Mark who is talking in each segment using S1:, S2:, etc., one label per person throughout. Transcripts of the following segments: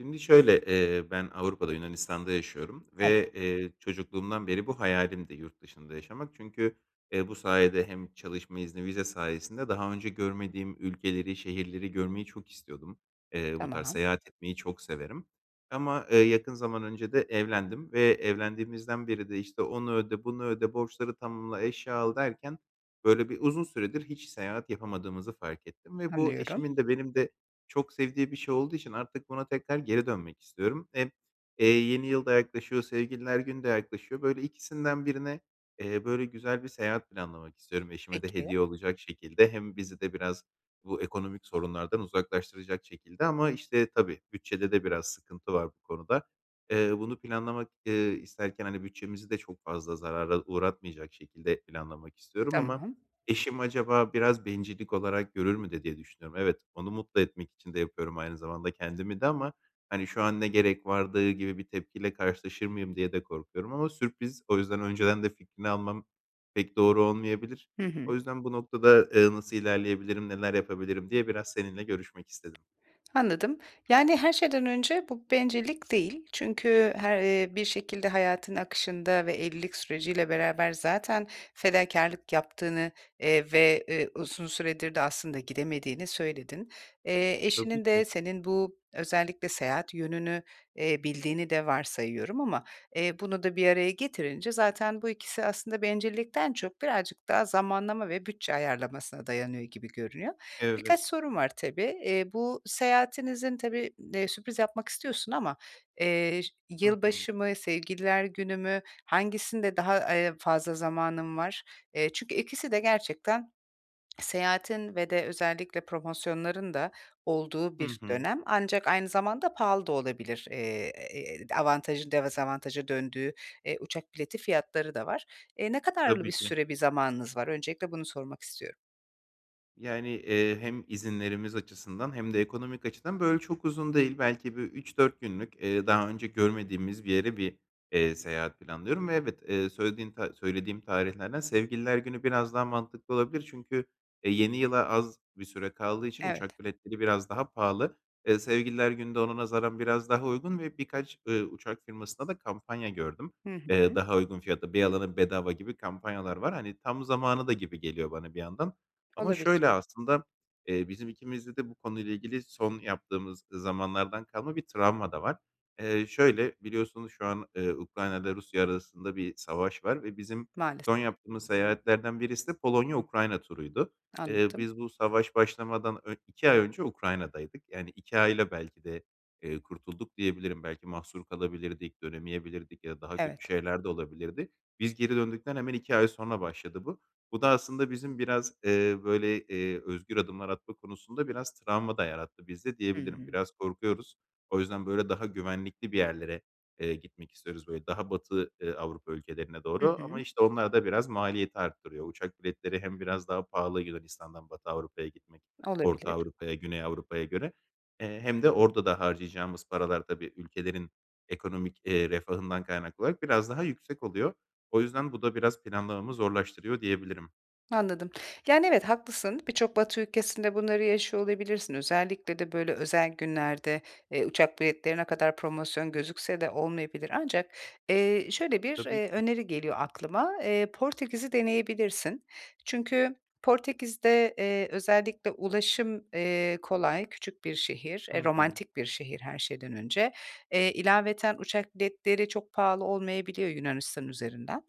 S1: Şimdi şöyle, ııı, ben Avrupa’da, Yunanistan’da yaşıyorum.
S2: [unintelligible]
S1: Ve, eee, çocukluğumdan beri bu hayalimdi yurt dışında yaşamak. Çünkü, ııı, bu sayede hem çalışma izni, vize sayesinde daha önce görmediğim ülkeleri, şehirleri görmeyi çok istiyordum. Iıı, bu tarz
S2: Tamam.
S1: seyahat etmeyi çok severim. Ama, ııı, yakın zaman önce de evlendim ve evlendiğimizden beri de, işte, onu öde, bunu öde, borçları tamamla, eşya al derken böyle bir uzun süredir hiç seyahat yapamadığımızı fark ettim. Ve bu
S2: Anlıyorum.
S1: eşimin de benim de çok sevdiği bir şey olduğu için artık buna tekrar geri dönmek istiyorum. Hem, eee, yeni yıl da yaklaşıyor, Sevgililer Günü de yaklaşıyor. Böyle ikisinden birine, eee, böyle güzel bir seyahat planlamak istiyorum eşime de
S2: Peki.
S1: hediye olacak şekilde. Hem bizi de biraz bu ekonomik sorunlardan uzaklaştıracak şekilde ama, işte, tabii bütçede de biraz sıkıntı var bu konuda. Iıı, bunu planlamak, ııı, isterken, hani, bütçemizi de çok fazla zarara uğratmayacak şekilde planlamak istiyorum ama
S2: Tamam.
S1: eşim acaba biraz bencillik olarak görür mü de diye düşünüyorum. Evet, onu mutlu etmek için de yapıyorum, aynı zamanda kendimi de ama, hani, "Şu an ne gerek vardı?" gibi bir tepkiyle karşılaşır mıyım diye de korkuyorum ama sürpriz. O yüzden önceden de fikrini almam pek doğru olmayabilir.
S2: Hı hı.
S1: O yüzden bu noktada, ııı, nasıl ilerleyebilirim, neler yapabilirim diye biraz seninle görüşmek istedim.
S2: Anladım. Yani, her şeyden önce bu bencillik değil. Çünkü her, ııı, bir şekilde hayatın akışında ve evlilik süreciyle beraber zaten fedakârlık yaptığını, eee, ve, eee, uzun süredir de aslında gidemediğini söyledin. Eee,
S1: Tabii
S2: eşinin de
S1: ki.
S2: senin bu özellikle seyahat yönünü, eee, bildiğini de varsayıyorum ama, eee, bunu da bir araya getirince zaten bu ikisi aslında bencillikten çok birazcık daha zamanlama ve bütçe ayarlamasına dayanıyor gibi görünüyor.
S1: Evet.
S2: Birkaç sorum var tabii. Eee, bu seyahatinizin tabii, eee, sürpriz yapmak istiyorsun ama, eee, ş
S1: Hı hı.
S2: yılbaşı mı, Sevgililer Günü mü, hangisinde daha, ııı, fazla zamanın var? Eee, çünkü ikisi de gerçekten seyahatin ve de özellikle promosyonların da olduğu
S1: Hı
S2: bir
S1: hı.
S2: dönem. Ancak aynı zamanda pahalı da olabilir. Eee, [unintelligible] avantajın dezavantaja döndüğü, eee, uçak bileti fiyatları da var. Eee, ne kadarlı bir
S1: Tabii ki.
S2: süre, bir zamanınız var öncelikle bunu sormak istiyorum.
S1: Yani, eee, hem izinlerimiz açısından hem de ekonomik açıdan böyle çok uzun değil. Belki bir 3-4 günlük, eee, daha önce görmediğimiz bir yere bir, eee, seyahat planlıyorum ve evet. Eee, söylediğin ta söylediğim tarihlerden Sevgililer Günü biraz daha mantıklı olabilir çünkü, eee, yeni yıla az bir süre kaldığı için
S2: Evet.
S1: uçak biletleri biraz daha pahalı. Eee, Sevgililer Günü de ona nazaran biraz daha uygun ve birkaç, ııı, uçak firmasında da kampanya gördüm.
S2: Hı
S1: Eee,
S2: hı.
S1: daha uygun fiyata, 1 alana 1 bedava gibi kampanyalar var. Hani, tam zamanı da gibi geliyor bana bir yandan ama
S2: Olabilir.
S1: şöyle aslında. Eee, bizim ikimizde de bu konuyla ilgili son yaptığımız zamanlardan kalma bir travma da var. Eee, şöyle, biliyorsunuz şu an, eee, Ukrayna’yla Rusya arasında bir savaş var ve bizim
S2: Maalesef.
S1: son yaptığımız seyahatlerden birisi de Polonya Ukrayna turuydu. Eee,
S2: Anladım.
S1: biz bu savaş başlamadan ön 2 ay önce Ukrayna’daydık. Yani, 2 ayla belki de, eee, kurtulduk diyebilirim. Belki mahsur kalabilirdik, dönemeyebilirdik ya da daha kötü
S2: Evet.
S1: şeyler de olabilirdi. Biz geri döndükten hemen 2 ay sonra başladı bu. Bu da aslında bizim biraz, eee, böyle, eee, özgür adımlar atma konusunda biraz travma da yarattı bizde
S2: Hı
S1: diyebilirim.
S2: hı.
S1: Biraz korkuyoruz. O yüzden böyle daha güvenlikli bir yerlere, eee, gitmek istiyoruz. Böyle daha Batı, eee, Avrupa ülkelerine
S2: Hı
S1: doğru ama,
S2: hı.
S1: işte, onlar da biraz maliyeti arttırıyor. Uçak biletleri hem biraz daha pahalı Yunanistan’dan Batı Avrupa’ya gitmek, Orta
S2: Olabilir.
S1: Avrupa’ya, Güney Avrupa’ya göre. Eee, hem de orada da harcayacağımız paralar tabii ülkelerin ekonomik, eee, refahından kaynaklı olarak biraz daha yüksek oluyor. O yüzden bu da biraz planlarımı zorlaştırıyor diyebilirim.
S2: Anladım. Yani, evet, haklısın. Birçok Batı ülkesinde bunları yaşıyor olabilirsin. Özellikle de böyle özel günlerde, eee, uçak biletleri ne kadar promosyon gözükse de olmayabilir ancak, eee, şöyle bir,
S1: Tabii ki
S2: eee,
S1: de.
S2: öneri geliyor aklıma. Eee, Portekiz’i deneyebilirsin. Çünkü Portekiz’de, eee, özellikle ulaşım, eee, kolay, küçük bir şehir, eee,
S1: Hı hı.
S2: romantik bir şehir her şeyden önce. Eee, ilaveten uçak biletleri çok pahalı olmayabiliyor Yunanistan üzerinden.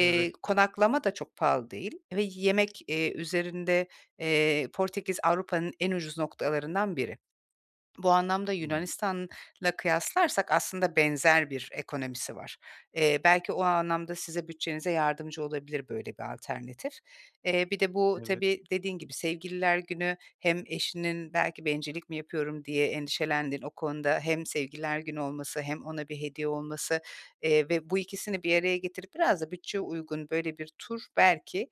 S1: Evet.
S2: konaklama da çok pahalı değil ve yemek, eee, üzerinde, eee, Portekiz Avrupa’nın en ucuz noktalarından biri. Bu anlamda
S1: Hımm.
S2: Yunanistan'la kıyaslarsak aslında benzer bir ekonomisi var. Eee, belki o anlamda size bütçenize yardımcı olabilir böyle bir alternatif. Eee, bir de bu
S1: Evet.
S2: tabii dediğin gibi Sevgililer Günü hem eşinin belki "Bencillik mi yapıyorum?" diye endişelendiğin o konuda hem Sevgililer Günü olması hem ona bir hediye olması, eee, ve bu ikisini bir araya getirip biraz da bütçeye uygun böyle bir tur belki,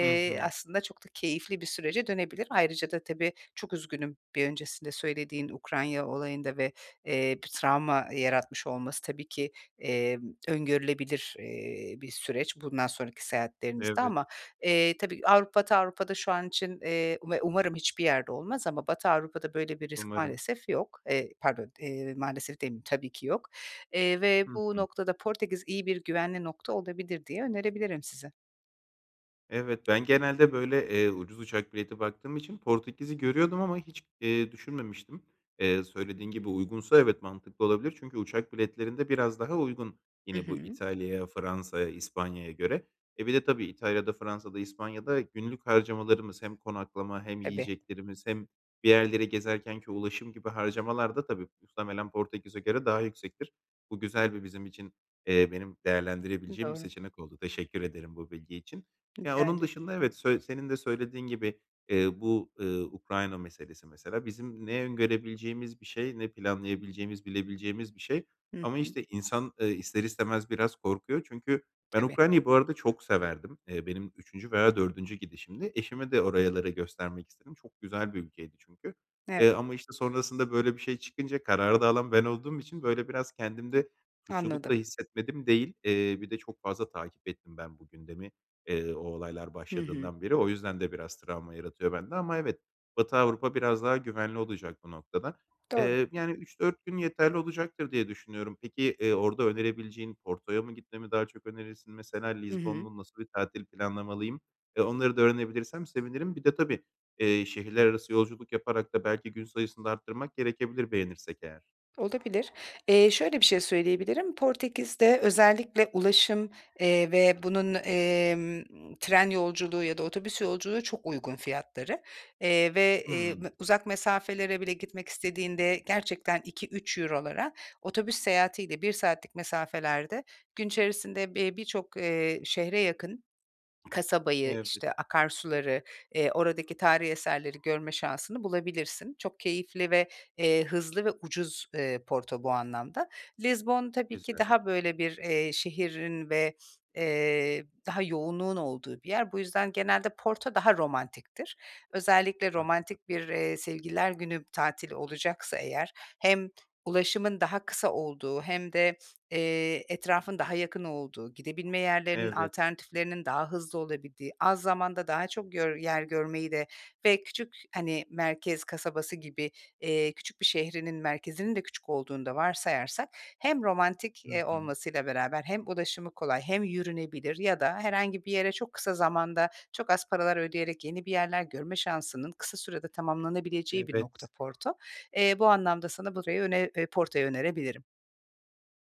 S1: Hı hı.
S2: aslında çok da keyifli bir sürece dönebilir. Ayrıca da tabii çok üzgünüm bir öncesinde söylediğin Ukrayna olayında ve, eee, bir travma yaratmış olması tabii ki, emm, öngörülebilir, eee, bir süreç bundan sonraki seyahatlerinizde.
S1: Evet.
S2: Ama, eee, tabii Avrupa Batı Avrupa’da şu an için, eee Ve umarım hiçbir yerde olmaz ama Batı Avrupa’da böyle bir risk
S1: Umarım.
S2: maalesef yok. Eee, pardon, eee, maalesef demeyeyim, tabii ki yok. Eee, ve
S1: Hı
S2: bu
S1: hı.
S2: noktada Portekiz iyi bir güvenli nokta olabilir diye önerebilirim size.
S1: Evet, ben genelde böyle, eee, ucuz uçak bileti baktığım için Portekiz’i görüyordum ama hiç, eee, düşünmemiştim. Eee, söylediğin gibi uygunsa evet, mantıklı olabilir çünkü uçak biletlerinde biraz daha uygun
S2: Hı
S1: yine bu
S2: hı.
S1: İtalya’ya, Fransa’ya, İspanya’ya göre. E, bir de tabii İtalya’da, Fransa’da, İspanya’da günlük harcamalarımız hem konaklama hem
S2: Tabii.
S1: yiyeceklerimiz hem bir yerleri gezerkenki ulaşım gibi harcamalar da tabii muhtemelen Portekiz’e göre daha yüksektir. Bu güzel bir bizim için, eee, benim değerlendirebileceğim bir
S2: Doğru.
S1: seçenek oldu. Teşekkür ederim bu bilgi için. Ya,
S2: Rica
S1: onun
S2: ederim.
S1: dışında evet, sö senin de söylediğin gibi, eee, bu, ııı, Ukrayna meselesi mesela bizim ne öngörebileceğimiz bir şey ne planlayabileceğimiz, bilebileceğimiz bir şey
S2: Hı
S1: ama,
S2: hı.
S1: işte, insan, eee, ister istemez biraz korkuyor. Çünkü ben
S2: Tabii.
S1: Ukrayna’yı bu arada çok severdim. Eee, benim 3’üncü veya 4’üncü gidişimdi. Eşime de oralara göstermek istedim. Çok güzel bir ülkeydi çünkü,
S2: Evet.
S1: eee, ama, işte, sonrasında böyle bir şey çıkınca kararı da alan ben olduğum için böyle biraz kendimde suçluluk da
S2: Anladım.
S1: hissetmedim değil. Eee, bir de çok fazla takip ettim ben bu gündemi, eee, o olaylar
S2: Hı hı.
S1: başladığından beri. O yüzden de biraz travma yaratıyor bende ama evet. Batı Avrupa biraz daha güvenli olacak bu noktada.
S2: Doğru.
S1: Eee, yani, 3-4 gün yeterli olacaktır diye düşünüyorum. Peki, eee, orada önerebileceğin Porto’ya mı gitme mi daha çok önerirsin? Mesela
S2: Hı
S1: Lizbon
S2: hı.
S1: mu, nasıl bir tatil planlamalıyım? Eee, onları da öğrenebilirsem sevinirim. Bir de tabii, eee, şehirlerarası yolculuk yaparak da belki gün sayısını da arttırmak gerekebilir beğenirsek eğer.
S2: Olabilir. Eee, şöyle bir şey söyleyebilirim. Portekiz’de özellikle ulaşım, eee, ve bunun, emm, tren yolculuğu ya da otobüs yolculuğu çok uygun fiyatları. Eee, ve, eee,
S1: Hımm.
S2: uzak mesafelere bile gitmek istediğinde gerçekten €2-3'lara otobüs seyahatiyle 1 saatlik mesafelerde gün içerisinde bir birçok, eee, şehre, yakın kasabayı,
S1: Evet.
S2: işte, akarsuları, eee, oradaki tarihî eserleri görme şansını bulabilirsin. Çok keyifli ve, eee, hızlı ve ucuz, eee, Porto bu anlamda. Lizbon tabii ki
S1: Güzel.
S2: daha böyle bir, eee, şehrin ve, eee, daha yoğunluğun olduğu bir yer. Bu yüzden genelde Porto daha romantiktir. Özellikle
S1: Anladım.
S2: romantik bir, eee, Sevgililer Günü tatili olacaksa eğer hem ulaşımın daha kısa olduğu hem de, eee, etrafın daha yakın olduğu, gidebilme yerlerinin
S1: Evet.
S2: alternatiflerinin daha hızlı olabildiği, az zamanda daha çok yor yer görmeyi de ve küçük, hani, merkez kasabası gibi, eee, küçük bir şehrinin merkezinin de küçük olduğunu da varsayarsak hem romantik,
S1: Hı
S2: eee,
S1: hı.
S2: olmasıyla beraber hem ulaşımı kolay hem yürünebilir. Ya da herhangi bir yere çok kısa zamanda çok az paralar ödeyerek yeni bir yerler görme şansının kısa sürede tamamlanabileceği bir nokta
S1: Evet.
S2: Porto. Eee, bu anlamda sana burayı öne eee, Porto’yu önerebilirim.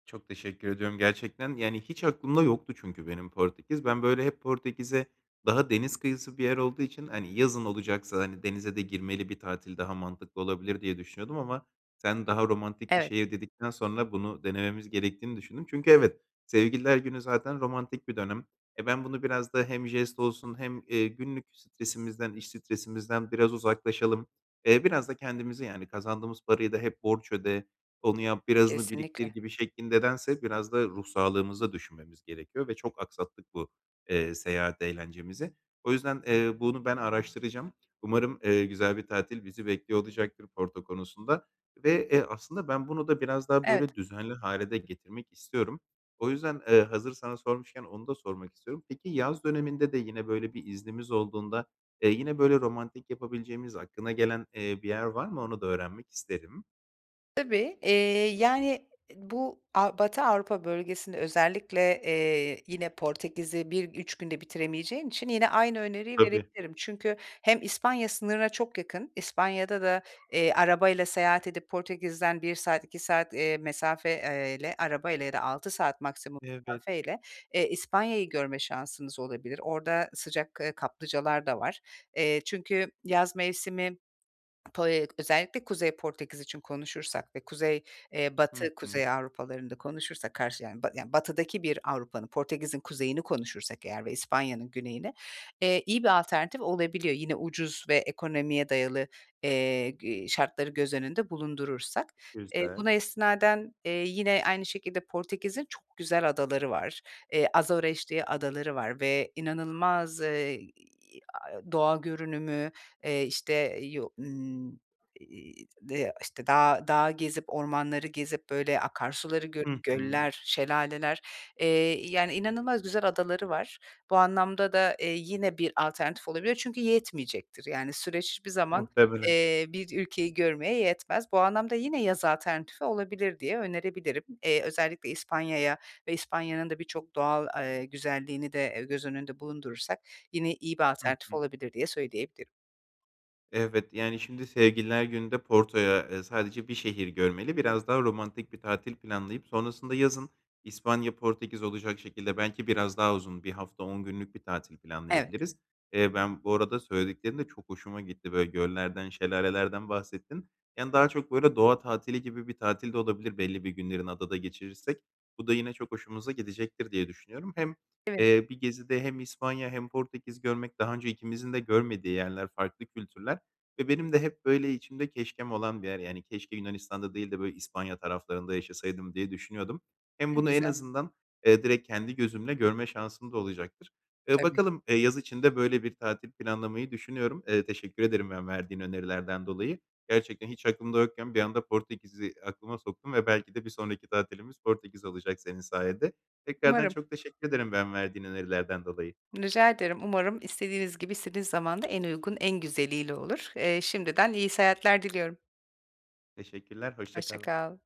S1: Çok teşekkür ediyorum gerçekten. Yani, hiç aklımda yoktu çünkü benim Portekiz. Ben böyle hep Portekiz’e daha deniz kıyısı bir yer olduğu için, hani, yazın olacaksa, hani, denize de girmeli bir tatil daha mantıklı olabilir diye düşünüyordum ama sen daha romantik bir
S2: Evet.
S1: şehir dedikten sonra bunu denememiz gerektiğini düşündüm. Çünkü evet, Sevgililer Günü zaten romantik bir dönem. Eee, ben bunu biraz da hem jest olsun hem, eee, günlük stresimizden, iş stresimizden biraz uzaklaşalım, eee, biraz da kendimizi yani kazandığımız parayı da "Hep borç öde, onu yap, birazını biriktir."
S2: Kesinlikle.
S1: gibi şeklinde dense biraz da ruh sağlığımızı da düşünmemiz gerekiyor ve çok aksattık bu, eee, seyahat eğlencemizi. O yüzden, eee, bunu ben araştıracağım. Umarım, eee, güzel bir tatil bizi bekliyor olacaktır Porto konusunda ve, eee, aslında ben bunu da biraz daha
S2: Evet.
S1: böyle düzenli hâle de getirmek istiyorum. O yüzden, eee, hazır sana sormuşken onu da sormak istiyorum. Peki, yaz döneminde de yine böyle bir iznimiz olduğunda, eee, yine böyle romantik yapabileceğimiz, aklına gelen, eee, bir yer var mı? Onu da öğrenmek isterim.
S2: Tabii. Eee, yani, bu Av Batı Avrupa bölgesinde özellikle, eee, yine Portekiz’i bir 3 günde bitiremeyeceğin için yine aynı öneriyi
S1: Tabii.
S2: verebilirim. Çünkü hem İspanya sınırına çok yakın, İspanya’da da, eee, arabayla seyahat edip Portekiz’den 1 saat, 2 saat, eee, mesafeyle arabayla ya da 6 saat maksimum
S1: Evet.
S2: mesafeyle, eee, İspanya’yı görme şansınız olabilir. Orada sıcak, eee, kaplıcalar da var. Eee, çünkü yaz mevsimi Po özellikle Kuzey Portekiz için konuşursak ve kuzey, eee,
S1: Hı
S2: batı
S1: hı.
S2: Kuzey Avrupalarını da konuşursak karşı ya yani batıdaki bir Avrupa’nın, Portekiz’in kuzeyini konuşursak eğer ve İspanya’nın güneyini, eee, iyi bir alternatif olabiliyor. Yine ucuz ve ekonomiye dayalı, eee, g şartları göz önünde bulundurursak. Eee,
S1: Güzel.
S2: buna istinaden, eee, yine aynı şekilde Portekiz’in çok güzel adaları var. Eee, Azores diye adaları var ve inanılmaz, eee, doğa görünümü, eee, işte, [unintelligible] işte, dağ dağ gezip ormanları gezip böyle akarsuları
S1: Hı
S2: görüp
S1: hı.
S2: göller, şelaleler, eee, yani, inanılmaz güzel adaları var. Bu anlamda da, eee, yine bir alternatif olabilir. Çünkü yetmeyecektir yani süreç hiçbir zaman,
S1: Muhtemelen.
S2: eee, bir ülkeyi görmeye yetmez. Bu anlamda yine yaz alternatifi olabilir diye önerebilirim. Eee, özellikle İspanya’ya ve İspanya’nın da birçok doğal, eee, güzelliğini de e, göz önünde bulundurursak yine iyi bir
S1: Hı
S2: alternatif
S1: hı.
S2: olabilir diye söyleyebilirim.
S1: Evet, yani, şimdi Sevgililer Günü’nde Porto’ya, eee, sadece bir şehir görmeli. Biraz daha romantik bir tatil planlayıp sonrasında yazın İspanya, Portekiz olacak şekilde belki biraz daha uzun 1 hafta, 10 günlük bir tatil
S2: Evet.
S1: planlayabiliriz. Eee, ben bu arada söylediklerin de çok hoşuma gitti. Böyle göllerden, şelalelerden bahsettin. Yani, daha çok böyle doğa tatili gibi bir tatil de olabilir belli bir günlerini adada geçirirsek. Bu da yine çok hoşumuza gidecektir diye düşünüyorum. Hem,
S2: Sevindim.
S1: eee, bir gezide hem İspanya hem Portekiz görmek, daha önce ikimizin de görmediği yerler, farklı kültürler ve benim de hep böyle içimde keşkem olan bir yer. Yani, keşke Yunanistan’da değil de böyle İspanya taraflarında yaşasaydım diye düşünüyordum. Hem
S2: Ne
S1: bunu en
S2: güzel.
S1: azından, eee, direkt kendi gözümle görme şansım da olacaktır. Eee,
S2: Tabii.
S1: bakalım, eee, yaz içinde böyle bir tatil planlamayı düşünüyorum. Eee, teşekkür ederim ben verdiğin önerilerden dolayı. Gerçekten hiç aklımda yokken bir anda Portekiz’i aklıma soktun ve belki de bir sonraki tatilimiz Portekiz olacak senin sayende. Tekrardan
S2: Umarım.
S1: çok teşekkür ederim ben, verdiğin önerilerden dolayı.
S2: Rica ederim. Umarım istediğiniz gibi, istediğiniz zaman da en uygun, en güzeliyle olur. Eee, şimdiden iyi seyahatler diliyorum.
S1: Teşekkürler, hoşça
S2: Hoşça
S1: kal.
S2: kal.